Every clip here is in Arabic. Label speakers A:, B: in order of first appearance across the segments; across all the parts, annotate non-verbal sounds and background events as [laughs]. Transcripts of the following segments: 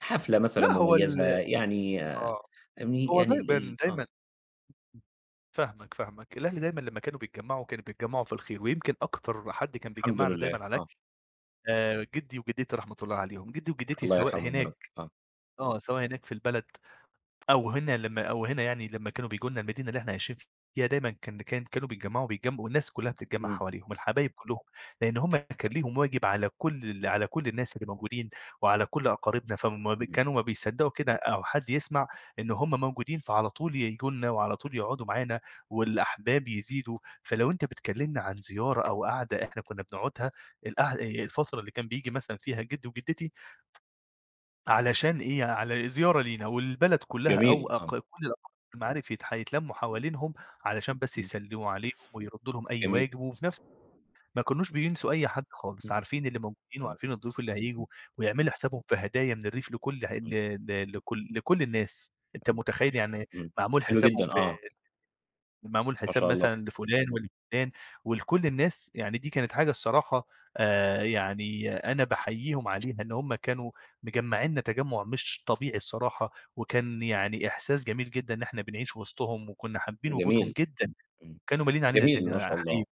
A: حفلة مثلًا
B: لأ، هو
A: مُميّزة
B: ال
A: يعني
B: آه.
A: ام
B: هو
A: يعني ال ال
B: دايمًا
A: آه.
B: دايمًا فاهمك، فاهمك. الأهل دايمًا لمّا كانوا بيتجمّعوا، كانوا بيتجمّعوا في الخير ويمكن أكتر حد كان
A: الحمد
B: بيجمّعنا دايمًا
A: لله،
B: على
A: آه.
B: الأكل، آآ جِدّي وجِدّتي رحمة الله عليهم. جِدّي وجِدّتي
A: الله
B: سواء
A: يرحمهم يا رب.
B: هناك
A: آه.
B: آه. سواء هناك في البلد أو هنا لمّا أو هنا يعني لمّا كانوا بييجوا لنا المدينة اللي إحنا عايشين فيها دايمًا كان كان كانوا بيتجمّعوا بيتجم والناس كُلّها بتتجمّع
A: إمم.
B: حواليهم الحبايب كُلّهم، لإن هم كان ليهم واجب على كل ال على كل الناس اللي موجودين وعلى كل أقاربنا فم
A: اهم.
B: كانوا ما بيصدّقوا كده أو حد يسمع إنه هم موجودين، فعلى طول ييجوا لنا وعلى طول يقعدوا معانا والأحباب يزيدوا، فلو أنت بتكلّمنا عن زيارة أو قعدة إحنا كُنّا بنقعدها، القع الفترة اللي كان بييجي مثلًا فيها جِدّي وجِدّتي علشان إيه، على زيارة لينا والبلد كُلّها أو
A: جميل.
B: أق
A: آه.
B: كل الأقارب والمعارف يتح يتلمّوا
A: إمم.
B: حوالينهم علشان بس
A: إمم.
B: يسلّموا عليهم ويردّوا لهم أي
A: جميل.
B: واجب وفي نفس ما كانوش بينسوا أي حد خالص،
A: إمم.
B: عارفين اللي موجودين
A: آه.
B: وعارفين الضيوف اللي
A: إمم.
B: هييجوا ويعملوا حسابهم في هدايا من الريف لكل ع ل
A: إمم.
B: ل لكل لكل الناس. أنت
A: حلو.
B: مُتخيّل يعني
A: إمم.
B: معمول
A: حلو
B: حسابهم
A: جدًا،
B: في
A: آه.
B: معمول
A: ما
B: حساب
A: شاء الله.
B: مثلًا لفُلان ولفُلان ولكل الناس، يعني دي كانت حاجة الصراحة آآ يعني أنا باحييهم عليها إن هم كانوا مجمّعينا تجمُّع مش طبيعي الصراحة وكان يعني إحساس جميل جدًا إن إحنا بنعيش وِسطهم وكُنّا حابّين وجودهم
A: جميل.
B: جدًا،
A: إمم.
B: كانوا ماليين علينا
A: جميل، ما
B: الدنيا
A: شاء الله.
B: حقيقي.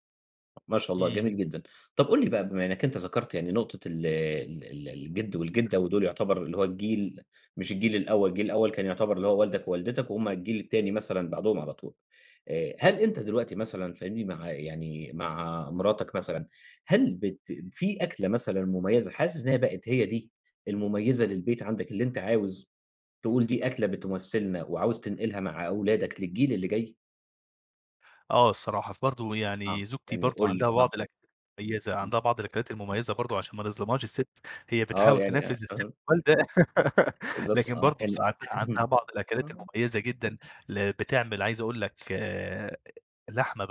A: ما شاء الله، جميل
B: إمم.
A: جدًا. طب قُل لي بقى بما إنّك أنت ذكرت يعني نقطة ال ال ال الجِد والجِدّة ودول يعتبر اللي هو الجيل مش الجيل الأول، الجيل الأول كان يعتبر اللي هو والدك ووالدتك وهُم الجيل التاني مثلًا بعدهم على طول، آآ هل أنت دلوقتي مثلًا فاهمني؟ مع يعني مع مراتك مثلًا، هل بت في أكلة مثلًا مُميّزة حاسس إنّها بقت هي دي المُميّزة للبيت عندك اللي أنت عاوز تقول دي أكلة بتُمثِّلنا وعاوز تنقلها مع أولادك للجيل اللي جاي؟
B: آه الصراحة. فبرضه
A: آه.
B: يعني زوجتي
A: يعني
B: برضه
A: قُل لي،
B: عندها
A: آه.
B: بعض الأك مُميّزة،
A: إمم.
B: عندها بعض الأكلات المميزة برضه عشان ما نظلمهاش السِت، هي
A: آه.
B: بتحاول
A: يعني
B: تنفِّذ السِت
A: أها.
B: الوالدة [laughs]
A: بالضبط،
B: لكن
A: آه.
B: برضه بص
A: يعني
B: عن
A: [chuckles]
B: عندها بعض الأكلات
A: آه.
B: المُميّزة جدًا اللي بتعمل عايز أقول لك آآ لحمة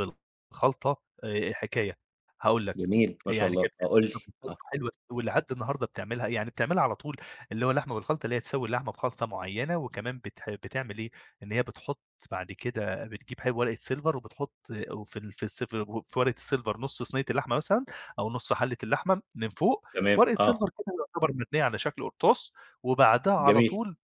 B: بالخلطة آآ حكاية. هاقول لك،
A: جميل، ما شاء
B: يعني
A: الله.
B: كانت
A: آه
B: بتعمل
A: قُل لي.
B: لحمة بالخلطة
A: آه.
B: حلوة ولحد النهارده بتعملها، يعني بتعملها على طول اللي هو لحمة بالخلطة اللي هي تسوي لحمة بخلطة معيّنة وكمان بتح بتعمل إيه، إن هي بتحُط بعد كده بتجيب ورقة سيلفر وبتحُط وفي ال في السف وفي ورقة السيلفر نُص صنية اللحمة مثلًا أو نُص حَلّة اللحمة من فوق
A: تمام،
B: ورقة
A: آه.
B: سيلفر كده يعتبر مبنيّة على شكل قُرطاس وبعدها على
A: جميل.
B: طول